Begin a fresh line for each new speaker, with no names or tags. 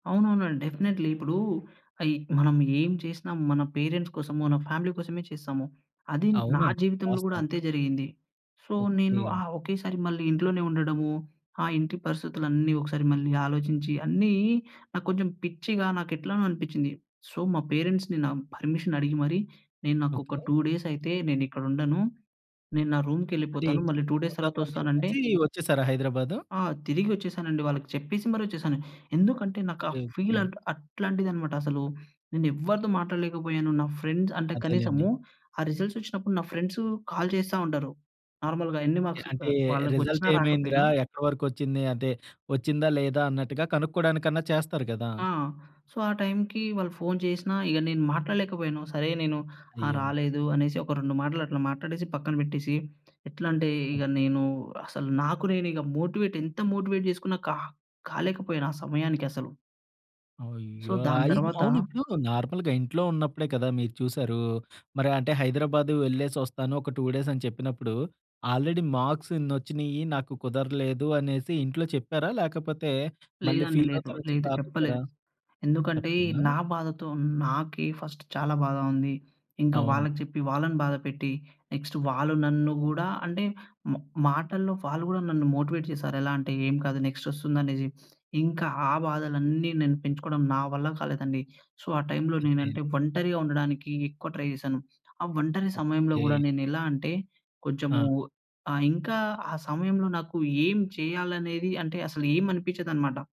అవునవునండి. డెఫినెట్లీ. ఇప్పుడూ, అయి మనం ఏం చేసినా మన పేరెంట్స్ కోసమో, మన ఫ్యామిలీ కోసమే చేస్తాము. అది నా
అవునండి.
జీవితంలో గూడా
వాస్తవం.
అంతే జరిగింది. సో, నేను ఆ
ఓకే.
ఒకేసారి మళ్ళీ ఇంట్లోనే ఉండడము, ఆ ఇంటి పరిస్థితులన్నీ ఒకసారి మళ్ళీ ఆలోచించి, అన్నీ నాకు కొంచెం పిచ్చిగా నాకెట్లనో అనిపిచ్చింది. సో, మా పేరెంట్స్‌ని నా పర్మిషన్ అడిగి మరీ, నేను నాకొక
ఓకే.
2 డేసయితే నేనిక్కడుండను, నేను నా
అంటే,
రూమ్‌కెళ్ళిపోతాను.
ఇంట్లో
మళ్ళీ 2 డేస్
నెనుండను అని
తర్వాతొస్తానంటే
జెప్పేసీ, ఒచ్చేశారా హైదరాబాదు?
ఆ! తిరిగొచ్చేశానండి. వాళ్ళకి చెప్పేసి మరీ ఒచ్చేసాను. ఎందుకంటే, నాకు ఆ
ఓకే.
Feel
okay.
అట్ అట్లాంటిదనమాట అసలు. నేనెవ్వరితో మాట్లాడలేకపోయాను. నా ఫ్రెండ్స్ అంటే,
అదేలెండి.
కనీసము ఆ రిసల్సొచ్చినప్పుడు నా ఫ్రెండ్సు కాల్ చేస్తా ఉంటారు నార్మల్‌గా, ఎన్ని
ఎ
మార్క్స్
అంటే,
ఆహ్, వాళ్ళకొచ్చినా,
రిజల్టేమైంది
రాకపోయినా.
రా? ఎక్కడ వరకొచ్చింది? అంటే ఒచ్చిందా, లేదా? అన్నట్టుగా కనుక్కోడానికన్నా చేస్తారు గదా!
ఆ! సో, ఆ టైమ్‌కి వాళ్ళు ఫోన్ చేసినా ఇగ నేను మాట్లాడలేకపోయాను. సరే, నేను ఆ!
అయ్యో!
రాలేదు అనేసి, ఒక రెండు మాటలు అట్లా మాట్టాడేసి, పక్కన పెట్టేసి, ఎట్లంటే ఇగ
అదే.
నేనూ, అసలు నాకు నేనిగ మోటివేట్ ఎంత మోటివేట్ జేసుకున్న కా కాలేకపోయినా ఆ సమయానికసలు. సో,
అయ్యో!
దాని
అయ్
తరవాత
అవునిప్పుడు నార్మల్‌గా ఇంట్లో ఉన్నప్పుడే కదా మీరు చూశారూ. మరంటే హైదరాబాదు వెళ్ళేసొస్తాను, ఒక 2 డేసని చెప్పినప్పుడు, ఆల్రెడీ మార్క్స్ ఇన్నొచ్చినియ్యీ, నాకు కుదరలేదు అనేసి ఇంట్లో చెప్పారా? లేకపోతే, మళ్ళీ
లేదండి. లేదు.
ఫీలవుతారని చెప్పి
లేదు.
ఆపేశారా?
చెప్పలేదు. ఎందుకంటే,
చెప్పలేదా?
నా బాధతో నాకే ఫస్ట్ చాలా బాధ ఉంది. ఇంక
అవును.
వాళ్ళకి చెప్పి వాళ్ళని బాధ పెట్టి, నెక్స్ట్ వాళ్ళు నన్ను గూడా అంటే, మ మాటల్లో వాళ్ళు గూడా నన్ను మోటివేట్ చేశారు. ఎలా అంటే, ఏం కాదు, నెక్స్టొస్తుందనేసి. ఇంక ఆ బాధలన్నీ నేను పెంచుకోడం నా వల్ల కాలేదండి. సో, ఆ టైమ్‌లో
అదే. అదే.
నేనంటే, ఒంటరిగా ఉండడానికీ ఎక్కువ ట్రై చేశాను. ఆ ఒంటరి సమయంలో గూడా
ఓకే.
నేనెలా అంటే, కొంచెము
ఆ!
ఆహ్, ఇంకా ఆ సమయంలో నాకు ఏం చెయ్యాలనేది అంటే, అసలు ఏమనిపిచ్చదనమాట.